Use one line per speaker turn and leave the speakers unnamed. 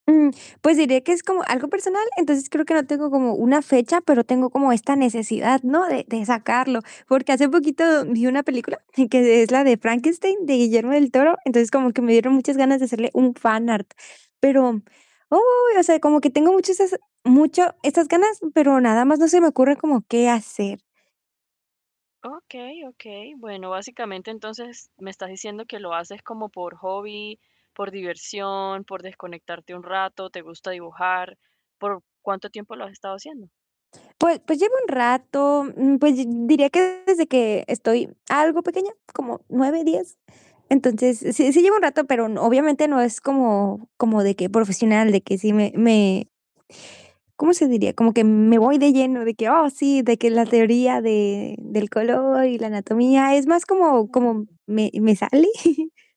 Mm, pues, diré que es como algo personal, entonces creo que no tengo como una fecha, pero tengo como esta necesidad, ¿no? De de sacarlo, porque hace poquito vi una película que es la de Frankenstein, de Guillermo del Toro, entonces como que me dieron muchas ganas de hacerle un fan art, pero, ¡uy!, o sea, como que tengo muchas mucho esas ganas, pero nada más, no se me ocurre, como, ¿qué hacer?
Okey, okey. Bueno, básicamente entonces me estás diciendo que lo haces como por hobby, por diversión, por desconectarte un rato, te gusta dibujar, ¿por cuánto tiempo lo has estado haciendo?
Pues pues, llevo un rato, mm, pues di diría que desde que estoy algo pequeña, como 9, 10 Entonces, sí sí llevo un rato, pero obviamente no es como como de que profesional, de que si me me ¿cómo se diría? Como que me voy de lleno, de que; "Oh, sí", de que la teoría de del color y la anatomía es más como como
[unintelligible]
me me sale.